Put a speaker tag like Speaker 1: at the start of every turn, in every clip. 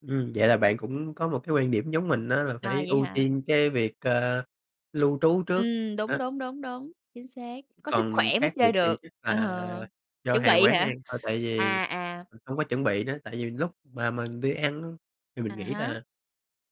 Speaker 1: Ừm, vậy là bạn cũng có một cái quan điểm giống mình á, là
Speaker 2: Ờ,
Speaker 1: phải
Speaker 2: vậy
Speaker 1: ưu
Speaker 2: hả?
Speaker 1: tiên cái việc, ơ, lưu trú trước.
Speaker 2: Ừm, đúng,
Speaker 1: Đó.
Speaker 2: đúng, đúng, đúng, chính xác, có sức
Speaker 1: Còn
Speaker 2: khỏe mới
Speaker 1: khác
Speaker 2: chơi
Speaker 1: biệt thì
Speaker 2: được.
Speaker 1: chắc
Speaker 2: Ờ,
Speaker 1: là do
Speaker 2: chuẩn
Speaker 1: hàng
Speaker 2: bị
Speaker 1: quán ăn
Speaker 2: hả?
Speaker 1: thôi, tại vì,
Speaker 2: À, à.
Speaker 1: ưm, hông có chuẩn bị nữa. Tại vì lúc mà mình đi ăn á thì mình
Speaker 2: À
Speaker 1: nghĩ
Speaker 2: há.
Speaker 1: là,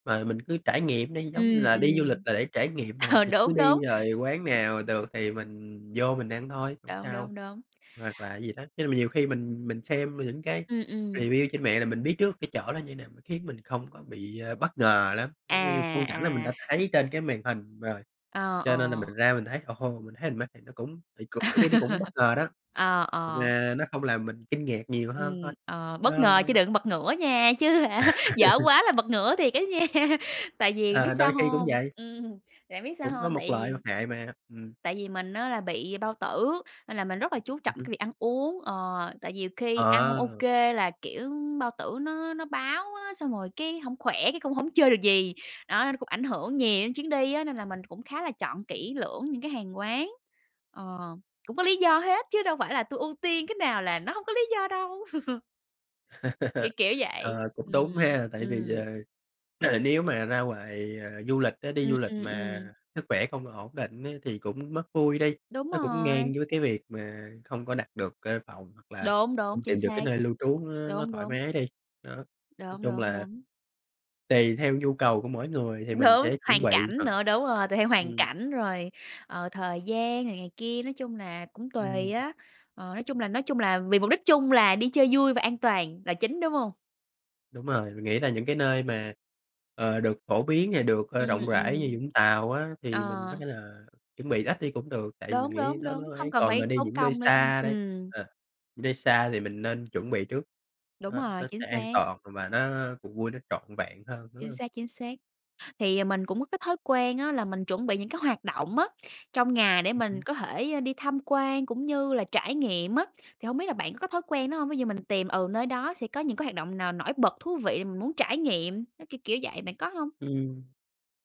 Speaker 1: ờ, mình cứ trải nghiệm đi, giống
Speaker 2: Ừm,
Speaker 1: là đi du lịch
Speaker 2: ừm,
Speaker 1: là để trải nghiệm mà,
Speaker 2: ờ,
Speaker 1: thì cứ
Speaker 2: đúng, đúng.
Speaker 1: đi rồi quán nào được thì mình vô mình ăn thôi, hổng
Speaker 2: Đúng,
Speaker 1: sao,
Speaker 2: đúng, đúng.
Speaker 1: hoặc là gì đó. Nên mà nhiều khi mình mình xem những cái
Speaker 2: Ừm, ừm.
Speaker 1: review trên mạng là mình biết trước cái chỗ đó như nào, m khiến mình không có bị, ơ, bất ngờ lắm, giống như như
Speaker 2: À.
Speaker 1: phong cảnh là mình
Speaker 2: À.
Speaker 1: đã thấy trên cái màn hình rồi,
Speaker 2: Ờ,
Speaker 1: cho nên là
Speaker 2: ờ.
Speaker 1: mình ra mình thấy, ồ hô, mình thấy mình mê, thì nó cũng thì cũng đôi khi nó cũng bất ngờ đó,
Speaker 2: Ờ, ờ.
Speaker 1: mà nó không làm mình kinh ngạc nhiều hơn thôi.
Speaker 2: Ừm, ờ, bất
Speaker 1: Nó
Speaker 2: ngờ
Speaker 1: nó
Speaker 2: chứ
Speaker 1: nó
Speaker 2: đừng bật ngửa nha, chứ hả, dở quá là bật ngửa thiệt á nha. Tại vì biết
Speaker 1: Ờ,
Speaker 2: sao
Speaker 1: đôi khi cũng
Speaker 2: hông?
Speaker 1: vậy.
Speaker 2: Ừm, tại biết sao
Speaker 1: Cũng có
Speaker 2: hông?
Speaker 1: mộc
Speaker 2: Tại
Speaker 1: lợi,
Speaker 2: vì
Speaker 1: mặt hại mà, ừm.
Speaker 2: tại vì mình á là bị bao tử, nên là mình rất là chú
Speaker 1: Ừm
Speaker 2: trọng
Speaker 1: hưm.
Speaker 2: cái việc ăn uống, ờ, tại vì nhiều khi ăn hông
Speaker 1: Ờ.
Speaker 2: OK là, kiểu, bao tử nó nó báo á, xong rồi cái hổng khỏe cái cũng hổng chơi được gì. Đó, nó cũng ảnh hưởng nhiều đến chuyến đi á, nên là mình cũng khá là chọn kỹ lưỡng những cái hàng quán ờ. Cũng có lý do hết chứ đâu phải là tui ưu tiên cái nào là nó hông có lý do đâu. Kiểu kiểu vậy,
Speaker 1: Ờ, cũng đúng
Speaker 2: ừm,
Speaker 1: ha. Tại vì,
Speaker 2: ừm.
Speaker 1: ờ, ờ, nếu mà ra ngoài, ờ, du lịch á đi
Speaker 2: Ừm,
Speaker 1: du lịch
Speaker 2: ừm,
Speaker 1: mà
Speaker 2: ừm.
Speaker 1: sức khỏe không ổn định á, thì cũng mất vui đi,
Speaker 2: Đúng
Speaker 1: nó cũng
Speaker 2: rồi.
Speaker 1: ngang với cái việc mà không có đặt được cái phòng hoặc là
Speaker 2: Đúng, đúng,
Speaker 1: không
Speaker 2: chính
Speaker 1: tìm được cái
Speaker 2: xác.
Speaker 1: nơi lưu trú nó nó
Speaker 2: Đúng,
Speaker 1: thoải
Speaker 2: đúng.
Speaker 1: mái đi, đó. Nói
Speaker 2: Đúng,
Speaker 1: chung
Speaker 2: đúng,
Speaker 1: là
Speaker 2: đúng.
Speaker 1: tùy theo nhu cầu của mỗi người thì mình
Speaker 2: Đúng,
Speaker 1: sẽ chuẩn
Speaker 2: hoàn
Speaker 1: bị,
Speaker 2: cảnh
Speaker 1: hoặc
Speaker 2: nữa đúng rồi, tùy theo hoàn
Speaker 1: ừm.
Speaker 2: cảnh, rồi, ờ, thời gian này này kia, nói chung là cũng tùy
Speaker 1: Ừm.
Speaker 2: á. Ờ, nói chung là nói chung là vì mục đích chung là đi chơi vui và an toàn là chính, đúng hông?
Speaker 1: Đúng rồi, mình nghĩ là những cái nơi mà, ờ, được phổ biến, à, được, ơ,
Speaker 2: Ừm,
Speaker 1: rộng rãi như
Speaker 2: ừm.
Speaker 1: Vũng Tàu á, thì mình có
Speaker 2: Ờ.
Speaker 1: thể là chuẩn bị ít đi cũng được, tại vì mình
Speaker 2: Đúng,
Speaker 1: nghĩ
Speaker 2: đúng,
Speaker 1: nó
Speaker 2: đúng,
Speaker 1: nó
Speaker 2: hông
Speaker 1: ấy.
Speaker 2: cần
Speaker 1: Còn mà
Speaker 2: phải
Speaker 1: đi
Speaker 2: tốn
Speaker 1: những nơi
Speaker 2: công, [unintelligible]
Speaker 1: xa đây
Speaker 2: ừm.
Speaker 1: ờ, những nơi xa thì mình nên chuẩn bị trước,
Speaker 2: Đúng
Speaker 1: đó,
Speaker 2: rồi,
Speaker 1: nó
Speaker 2: chính
Speaker 1: sẽ an
Speaker 2: xác.
Speaker 1: toàn và nó cuộc vui nó trọn vẹn hơn, đúng
Speaker 2: Chính
Speaker 1: hông?
Speaker 2: xác, chính xác. Thì mình cũng có cái thói quen á là mình chuẩn bị những cái hoạt động á trong ngày để
Speaker 1: Ừm
Speaker 2: mình
Speaker 1: hứm.
Speaker 2: có thể đi tham quan cũng như là trải nghiệm á, thì hông biết là bạn có thói quen đó hông? Ví dụ mình tìm, ừ, nơi đó sẽ có những cái hoạt động n nổi bật, thú vị, mình muốn trải nghiệm, nó kiểu-kiểu vậy, bạn có hông?
Speaker 1: Ừm,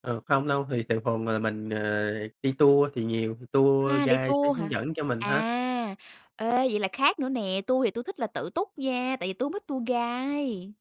Speaker 1: ờ, không đâu, thì thường thường là mình, ờ, đi tour, thì nhiều tour
Speaker 2: À, đi
Speaker 1: guide sẽ
Speaker 2: tour
Speaker 1: hướng
Speaker 2: hả?
Speaker 1: dẫn cho mình hết.
Speaker 2: À. Ê, vậy là khác nữa nè, tui thì tui thích là tự túc nha, tại vì tui hổng thích tour guide.